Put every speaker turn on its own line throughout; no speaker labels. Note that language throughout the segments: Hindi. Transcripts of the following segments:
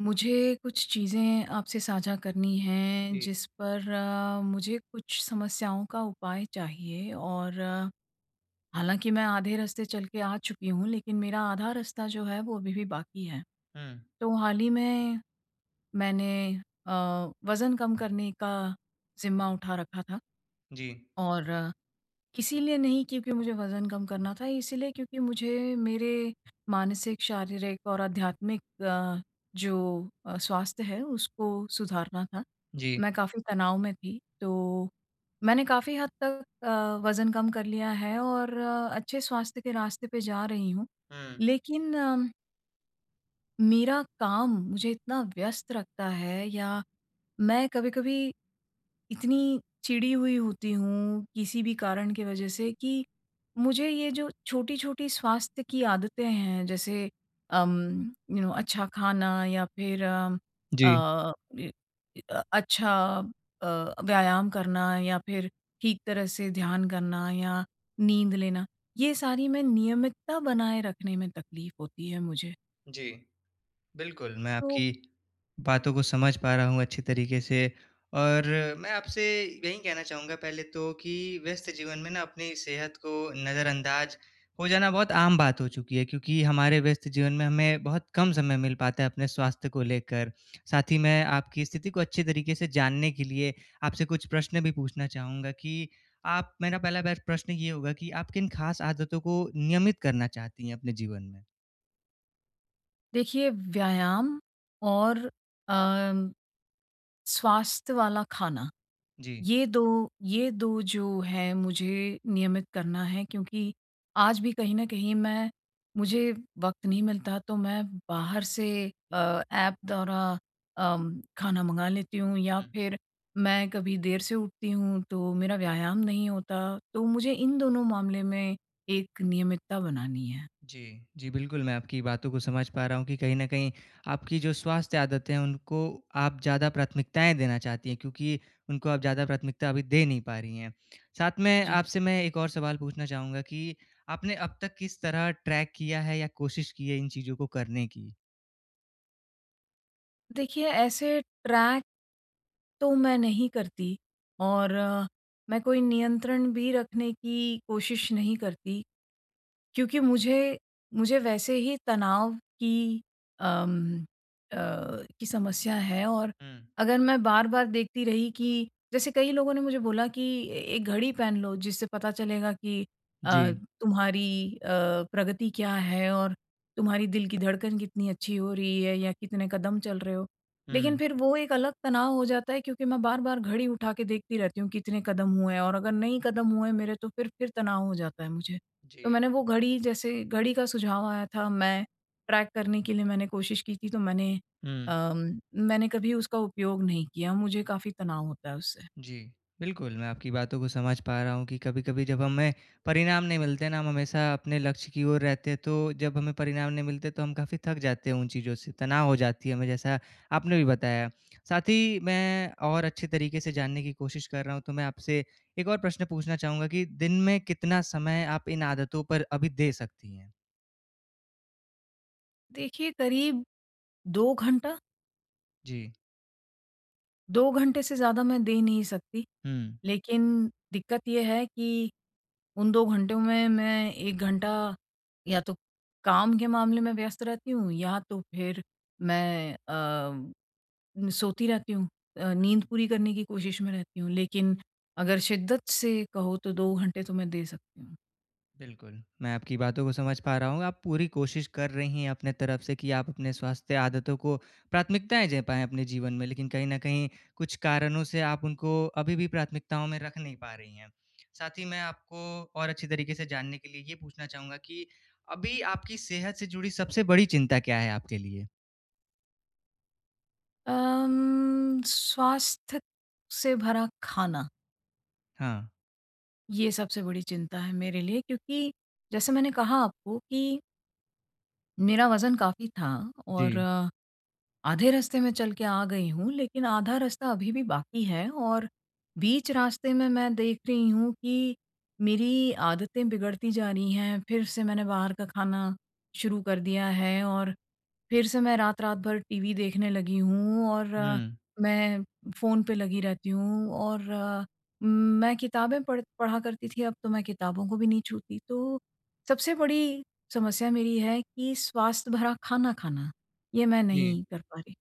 मुझे कुछ चीज़ें आपसे साझा करनी है,
जी।
जिस पर अ, मुझे कुछ समस्याओं का उपाय चाहिए और हालाँकि मैं आधे रास्ते चल के आ चुकी हूँ लेकिन मेरा आधा रास्ता जो है वो अभी भी बाकी है।
हुँ।
तो हाल ही में मैंने अ, वज़न कम करने का ज़िम्मा उठा रखा था
जी।
और इसीलिए नहीं क्योंकि मुझे वज़न कम करना था, इसीलिए क्योंकि मुझे मेरे मानसिक शारीरिक और आध्यात्मिक अ, जो अ, स्वास्थ्य है उसको सुधारना था,
जी।
मैं काफ़ी तनाव में थी। तो मैंने काफ़ी हद तक अ, वज़न कम कर लिया है और अच्छे स्वास्थ्य के रास्ते पे जा रही हूँ।
हुँ।
लेकिन अम मेरा काम मुझे इतना व्यस्त रखता है या मैं कभी-कभी इतनी चिड़ी हुई होती हूँ किसी भी कारण के वज़ह से कि मुझे ये जो छोटी-छोटी स्वास्थ्य की आदतें हैं, जैसे अम, यू नौ अच्छा खाना या फिर अम,
जी।
अ, ए ए अ, अच्छा अ, व्यायाम करना या फिर ठीक तरह से ध्यान करना या नींद लेना, ये सारी मैं नियमितता बनाए रखने में तकलीफ़ होती है मुझे।
जी। बिल्कुल, मैं
तो
आपकी बातों को समझ पा रहा हूँ अच्छी तरीके से और मैं आपसे यही कहना चाहूँगा पहले तो कि व्यस्त जीवन में ना, अपनी सेहत को नज़रअंदाज़ हो जाना बहुत आम बात हो चुकी है, क्योंकि हमारे व्यस्त जीवन में हमें बहुत कम समय मिल पाता है अपने स्वास्थ्य को लेकर। साथ ही मैं आपकी स्थिति को अच्छी तरीके से जानने के लिए आपसे कुछ प्रश्न भी पूछना चाहूँगा, कि आप मेरा पहला बेस्ट प्रश्न ये होगा कि आप किन ख़ास आदतों को नियमित करना चाहती हैं अपने जीवन में?
देखिए, व्यायाम और अम, स्वास्थ्य वाला खाना,
जी।
ये दो ये दो जो है, मुझे नियमित करना है, क्योंकि आज भी कहीं न कहीं मैं मुझे वक़्त नहीं मिलता, तो मैं बाहर से अ, ऐप द्वारा अम, खाना मँगा लेती हूँ या
हुँ।
फिर मैं कभी देर से उठती हूँ, तो मेरा व्यायाम नहीं होता। तो मुझे इन दोनों मामले में एक नियमितता बनानी है।
जी। जी, बिल्कुल मैं आपकी बातों को समझ पा रहा हूँ कि कहीं न कहीं आपकी जो स्वास्थ्य आदतें हैं, उनको आप ज़्यादा प्राथमिकताएँ देना चाहती हैं, क्योंकि उनको आप ज़्यादा प्राथमिकता अभी दे नहीं पा रही हैं। साथ में
जी।
आपसे मैं 1 और सवाल पूछना चाहूँगा कि आपने अब तक किस तरह ट्रैक किया है या कोशिश की है इन चीज़ों को करने की?
देखिए, ऐसे ट्रैक तो मैं नहीं करती और मैं कोई नियंत्रण भी रखने की कोशिश नहीं करती, क्योंकि मुझे मुझे वैसे ही तनाव की अम, अ, की समस्या है और
हुँ।
अगर मैं बार-बार देखती रही कि जैसे कई लोगों ने मुझे बोला कि, "ए एक घड़ी पहन लो, जिससे पता चलेगा कि अ,
जी।
तुम्हारी अ, प्रगति क्या है और तुम्हारी दिल की धड़कन कितनी अच्छी हो रही है या कितने कदम चल रहे हो।" लेकिन
हुँ।
फिर वो एक अलग तनाव हो जाता है क्योंकि मैं बार-बार घड़ी उठा के देखती रहती हूँ, कितने कदम हुए हैं और अगर नहीं कदम हुए मेरे, तो फिर फिर तनाव हो जाता है मुझे। तो
जी।
मैंने वो घड़ी जैसे घड़ी का सुझाव आया था, मैं ट्रैक करने के लिए मैंने कोशिश की थी, तो मैंने
हुँ।
अम, मैंने कभी उसका उपयोग नहीं किया, मुझे काफ़ी तनाव होता है उससे।
जी। बिल्कुल, मैं आपकी बातों को समझ पा रहा हूँ कि कभी-कभी जब हमें परिणाम नहीं मिलते ना, हम हमेशा अपने लक्ष्य की ओर रहते हैं, तो, जब हमें परिणाम नहीं मिलते, तो हम काफ़ी थक जाते हैं उन चीज़ों से, तनाव हो जाती है हमें, जैसा आपने भी बताया। साथ ही मैं और अच्छे तरीके से जानने की कोशिश कर रहा हूँ, तो मैं आपसे एक और प्रश्न पूछना चाहूँगा कि दिन में कितना समय आप इन आदतों पर अभी दे सकती हैं?
देखिए करीब 2 घंटा।
जी।
2 घंटे से ज़्यादा मैं दे नहीं सकती,
हुँ।
लेकिन दिक्कत ये है कि उन 2 घंटों में मैं 1 घंटा, या तो काम के मामले में व्यस्त रहती हूँ या तो फिर मैं अ, सोती रहती हूँ अ, नींद पूरी करने की कोशिश में रहती हूँ लेकिन अगर शिद्दत से कहो तो 2 घंटे तो मैं दे सकती हूँ।
बिल्कुल, मैं आपकी बातों को समझ पा रहा हूँ आप पूरी कोशिश कर रही हैं अपने तरफ से कि आप अपने स्वास्थ्य आदतों को प्राथमिकताएँ दे पाएँ अपने जीवन में लेकिन कहीं न कहीं, कुछ कारणों से आप उनको अभी भी प्राथमिकताओं में रख नहीं पा रही हैं, साथ ही मैं आपको और अच्छी तरीके से जानने के लिए ये पूछना चाहूँगा कि अभी आपकी सेहत से जुड़ी सबसे बड़ी चिंता क्या है आपके लिए?
अम, स्वास्थ्य से भरा खाना।
हाँ।
ये सबसे बड़ी चिंता है मेरे लिए क्योंकि जैसे मैंने कहा आपको कि मेरा वज़न काफ़ी था और
जी।
आधे रास्ते मैं चल के आ गई हूँ लेकिन आधा रास्ता अभी भी बाकी है, और बीच रास्ते में मैं देख रही हूँ कि मेरी आदतें बिगड़ती जा रही हैं फिर से मैंने बाहर का खाना शुरू कर दिया है और फिर से मैं रात-रात भर टीवी देखने लगी हूँ और
हुँ।
मैं फ़ोन पे लगी रहती हूँ और मैं किताबें पढ़ पढ़ा करती थी अब तो मैं किताबों को भी नहीं छूती तो सबसे बड़ी समस्या मेरी है कि स्वास्थ्य भरा खाना खाना, ये मैं
जी।
नहीं कर पा रही।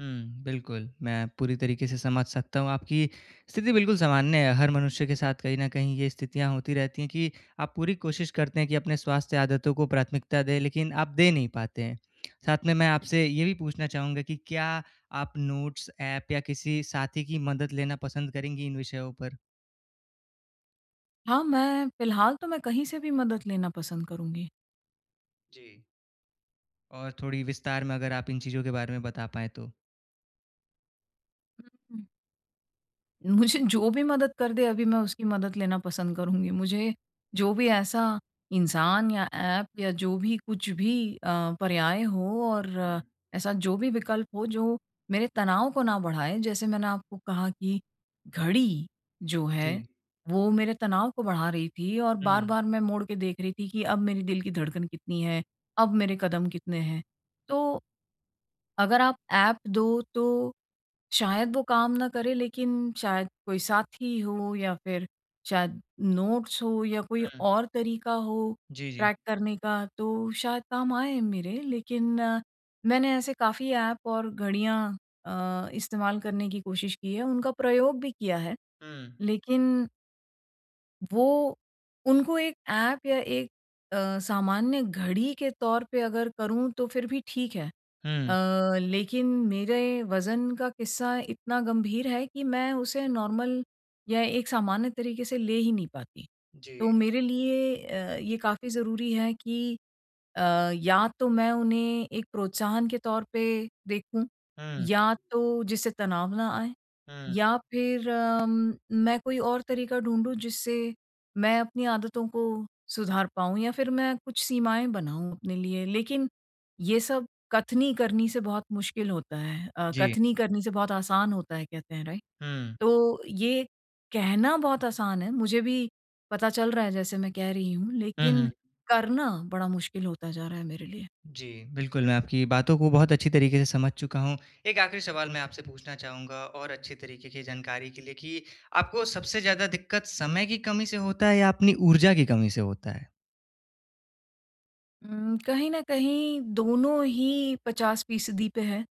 हुँ, बिल्कुल मैं पूरी तरीके से समझ सकता हूँ आपकी स्थिति बिल्कुल सामान्य है हर मनुष्य के साथ कहीं न कहीं ये स्थितियाँ होती रहती हैं कि आप पूरी कोशिश करते हैं कि अपने स्वास्थ्य आदतों को प्राथमिकता दें, लेकिन आप दे नहीं पाते हैं, साथ में, मैं आपसे ये भी पूछना चाहूँगा कि क्या आप नोट्स ऐप या किसी साथी की मदद लेना पसंद करेंगी इन विषयों पर?
हाँ, मैं फिलहाल तो मैं कहीं से भी मदद लेना पसंद करुँगी।
जी। और थोड़ी विस्तार में अगर आप इन चीज़ों के बारे में बता पाएँ तो।
उ, हुँ। मुझे जो भी मदद कर दे अभी मैं उसकी मदद लेना पसंद करुँगी। मुझे जो भी ऐसा इंसान या ऐप या जो भी कुछ भी अ, पर्याय हो और
हुँ।
ऐसा जो भी विकल्प हो जो मेरे तनाव को ना बढ़ाए। जैसे मैंने आपको कहा कि घड़ी जो है
जी।
वो मेरे तनाव को बढ़ा रही थी और
हुँ।
बार-बार मैं मोड़ के देख रही थी कि अब मेरे दिल की धड़कन कितनी है? अब मेरे कदम कितने हैं? तो अगर आप ऐप दो तो शायद वो काम ना करे लेकिन शायद कोई साथी हो या फिर शायद नोट्स हो या कोई
हुँ।
और तरीका हो
जी, जी।
ट्रैक करने का तो शायद काम आए मेरे लेकिन मैंने ऐसे काफ़ी ऐप और घड़ियाँ अ, इस्तेमाल करने की कोशिश की है, उनका प्रयोग भी किया है
हुँ।
लेकिन वो उनको एक ऐप या एक अ, सामान्य घड़ी के तौर पे अगर करूँ तो फिर भी ठीक है
हुँ।
अ, लेकिन मेरे वज़न का किस्सा इतना गंभीर है कि मैं उसे नॉर्मल या एक सामान्य तरीके से ले ही नहीं पाती।
जी।
तो मेरे लिए अ, ये काफ़ी ज़रूरी है कि अ, या तो मैं उन्हें एक प्रोत्साहन के तौर पे देखूँ
हुँ।
या तो जिससे तनाव ना आए
हुँ।
या फिर अम, मैं कोई और तरीका ढूँढूँ जिससे मैं अपनी आदतों को सुधार पाऊँ या फिर मैं कुछ सीमाएँ बनाऊँ अपने लिए, लेकिन ये सब कथनी करनी से बहुत मुश्किल होता है अ,
जी।
कथनी करनी से बहुत आसान होता है कहते हैं राइट
हुँ।
तो ये कहना बहुत आसान है, मुझे भी पता चल रहा है जैसे मैं कह रही हूँ
हुँ,
लेकिन
हुँ।
करना बड़ा मुश्किल होता जा रहा है मेरे लिए।
जी, बिल्कुल मैं आपकी बातों को बहुत अच्छी तरीके से समझ चुका हूँ। एक आख़िरी सवाल मैं आपसे पूछना चाहूँगा और अच्छी तरीके की जानकारी के लिए कि आपको सबसे ज़्यादा दिक्कत समय की कमी से होता है? या अपनी ऊर्जा की कमी से होता है?
उम, कहीं न कहीं दोनों ही 50 फीसदी पे है।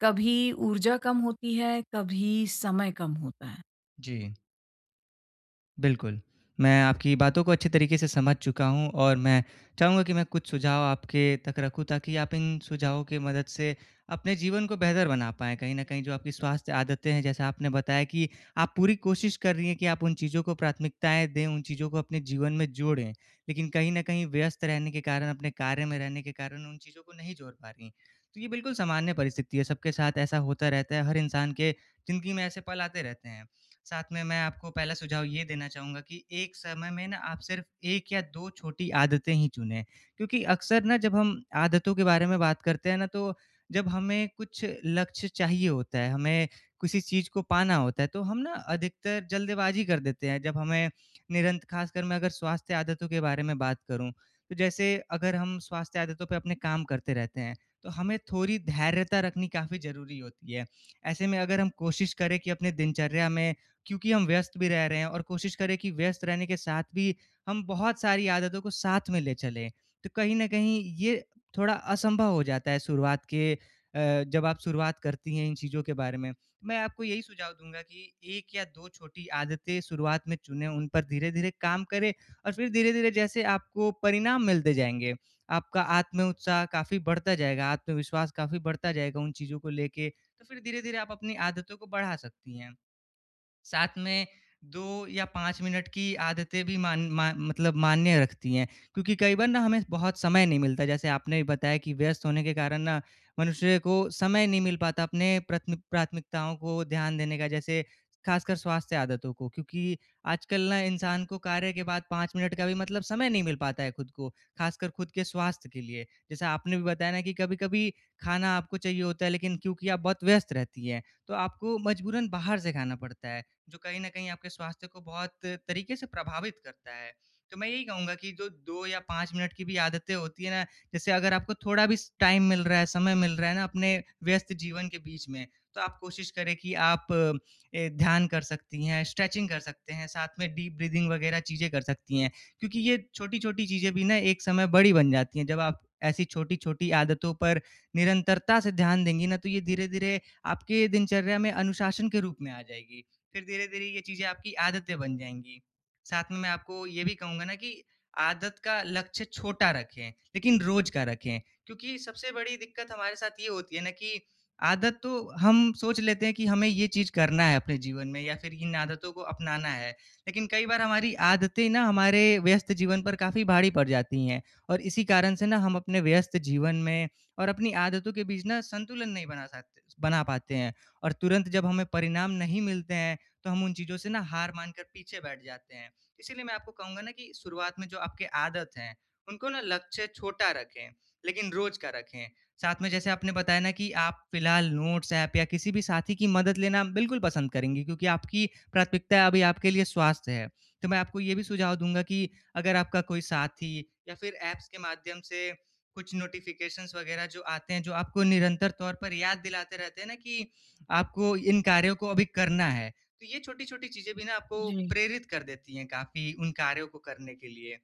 कभी ऊर्जा कम होती है, कभी समय कम होता है।
जी। बिल्कुल। मैं आपकी बातों को अच्छी तरीके से समझ चुका हूँ और मैं चाहूँगा कि मैं कुछ सुझाव आपके तक रखूँ, ताकि आप इन सुझावों की मदद से अपने जीवन को बेहतर बना पाएँ। कहीं न कहीं जो आपकी स्वास्थ्य आदतें हैं जैसा आपने बताया कि आप पूरी कोशिश कर रही हैं कि, आप उन चीज़ों को प्राथमिकताएँ दें उन चीज़ों को अपने जीवन में जोड़ें। लेकिन कहीं न कहीं व्यस्त रहने के कारण अपने कार्य में रहने के कारण उन चीज़ों को नहीं जोड़ पा रही हैं। तो ये बिल्कुल सामान्य परिस्थिति है सबके साथ ऐसा होता रहता है, हर इंसान के ज़िंदगी में ऐसे पल आते रहते हैं। साथ में मैं आपको पहला सुझाव ये देना चाहूँगा कि, एक समय में ना आप सिर्फ़ 1 या 2 छोटी आदतें ही चुनें। क्योंकि अक्सर ना जब हम आदतों के बारे में बात करते हैं ना तो, जब हमें कुछ लक्ष्य चाहिए होता है, हमें किसी चीज़ को पाना होता है, तो हम ना अधिकतर जल्दबाजी कर देते हैं, जब हमें निरंत ख़ासकर मैं अगर स्वास्थ्य आदतों के बारे में बात करूँ। तो जैसे अगर हम स्वास्थ्य आदतों पे अपने काम करते रहते हैं, तो हमें थोड़ी धैर्यता रखनी काफ़ी ज़रूरी होती है। ऐसे में अगर हम कोशिश करें कि अपने दिनचर्या में क्योंकि हम व्यस्त भी रह रहे हैं और कोशिश करें कि व्यस्त रहने के साथ भी हम बहुत सारी आदतों को साथ में ले चलें। तो कहीं न कहीं ये थोड़ा असंभव हो जाता है शुरुआत के अ, जब आप शुरुआत करती हैं इन चीज़ों के बारे में। मैं आपको यही सुझाव दूँगा कि 1 या 2 छोटी आदतें शुरुआत में चुने उन पर धीरे-धीरे काम करें और फ़िर धीरे-धीरे जैसे आपको परिणाम मिलते जाएँगे, आपका आत्म-उत्साह काफ़ी बढ़ता जाएगा, आत्मविश्वास काफ़ी बढ़ता जाएगा उन चीज़ों को लेके, तो फ़िर धीरे-धीरे आप अपनी आदतों को बढ़ा सकती हैं। साथ में 2 या 5 मिनट की आदतें भी मान मा मतलब मान्य रखती हैं। क्योंकि कई बार ना हमें बहुत समय नहीं मिलता है जैसे आपने बताया कि व्यस्त होने के कारण ना, मनुष्य को समय नहीं मिल पाता अपने प्रथमिक प्राथमिकताओं को ध्यान देने का जैसे ख़ासकर स्वास्थ्य आदतों को। क्योंकि आजकल ना इंसान को कार्य के बाद 5 मिनट का भी मतलब समय नहीं मिल पाता है खुद को, ख़ासकर खुद के स्वास्थ्य के लिए। जैसा आपने भी बताया ना कि कभी-कभी खाना आपको चाहिए होता है लेकिन क्योंकि आप बहुत व्यस्त रहती हैं, तो आपको मजबूरन बाहर से खाना पड़ता है। जो कहीं न कहीं आपके स्वास्थ्य को बहुत तरीके से प्रभावित करता है। तो मैं यही कहूँगा कि जो 2 या 5 मिनट की भी आदतें होती हैं ना, जैसे अगर आपको थोड़ा भी स टाइम मिल रहा है, समय मिल रहा है ना अपने व्यस्त जीवन के बीच में, तो आप कोशिश करें कि आप अ, ध्यान कर सकती हैं, स्ट्रेचिंग कर सकते हैं, साथ में डीप ब्रीदिंग वग़ैरह चीज़ें कर सकती हैं। क्योंकि ये छोटी-छोटी चीज़ें भी ना एक समय बड़ी बन जाती हैं। जब आप ऐसी छोटी-छोटी आदतों पर निरंतरता से ध्यान देंगी ना तो ये धीरे-धीरे आपके दिनचर्या में अनुशासन के रूप में आ जाएगी, फ़िर धीरे-धीरे ये चीज़ें आपकी आदतें बन जाएँगी। साथ में मैं आपको ये भी कहूँगा ना कि आदत का लक्ष्य छोटा रखें, लेकिन रोज़ का रखें। क्योंकि सबसे बड़ी दिक्कत हमारे साथ ये होती है ना कि, आदत तो हम सोच लेते हैं कि हमें ये चीज़ करना है अपने जीवन में या फ़िर इन आदतों को अपनाना है। लेकिन कई बार हमारी आदतें ना हमारे व्यस्त जीवन पर काफ़ी भारी पड़ जाती हैं और इसी कारण से ना हम अपने व्यस्त जीवन में और अपनी आदतों के बीच संतुलन नहीं बना साते बना पाते हैं। और तुरंत जब हमें परिणाम नहीं मिलते हैं, तो हम उन चीज़ों से ना हार मानकर पीछे बैठ जाते हैं। इसीलिए मैं आपको कहूँगा ना कि शुरुआत में जो आपके आदत है, उनको ना लक्ष्य छोटा रखें, लेकिन रोज़ का रखें। साथ में जैसे आपने, बताया ना कि आप फिलहाल नोट्स ऐप या किसी भी साथी की मदद लेना बिल्कुल पसंद करेंगी क्योंकि आपकी प्राथमिकता अभी आपके लिए स्वास्थ्य है। तो मैं आपको ये भी सुझाव दूँगा कि, अगर आपका कोई साथी या फ़िर ऐप्स के माध्यम से कुछ नोटिफ़िकेशन्स वग़ैरह जो आते हैं जो आपको निरंतर तौर पर याद दिलाते रहते हैं ना कि, आपको इन कार्यों को अभी करना है। तो ये छोटी-छोटी चीज़ें भी ना आपको
जी।
प्रेरित कर देती है काफ़ी उन कार्यों को करने के लिए।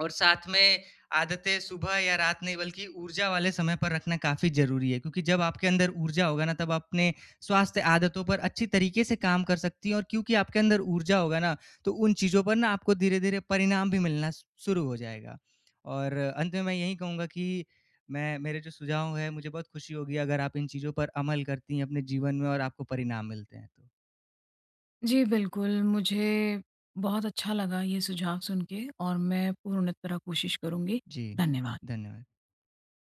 और साथ में आदतें सुबह या रात नहीं बल्कि ऊर्जा वाले समय पर रखना काफ़ी ज़रूरी है, क्योंकि जब आपके अंदर ऊर्जा होगा ना तब अपने स्वास्थ्य आदतों पर अच्छी तरीके से काम कर सकती है। और क्योंकि आपके अंदर ऊर्जा होगा ना तो उन चीज़ों पर ना आपको धीरे-धीरे परिणाम भी मिलना शु शुरू हो जाएगा। और अंत में मैं यही कहूँगा कि मैं मेरे जो सुझाव हैं मुझे बहुत खुशी होगी अगर आप इन चीज़ों पर अमल करती हैं अपने जीवन में और आपको परिणाम मिलते हैं तो।
जी, बिल्कुल मुझे बहुत अच्छा लगा ये सुझाव सुनके और मैं पूर्ण तरह कोशिश करूँगी।
जी,
धन्यवाद।
धन्यवाद।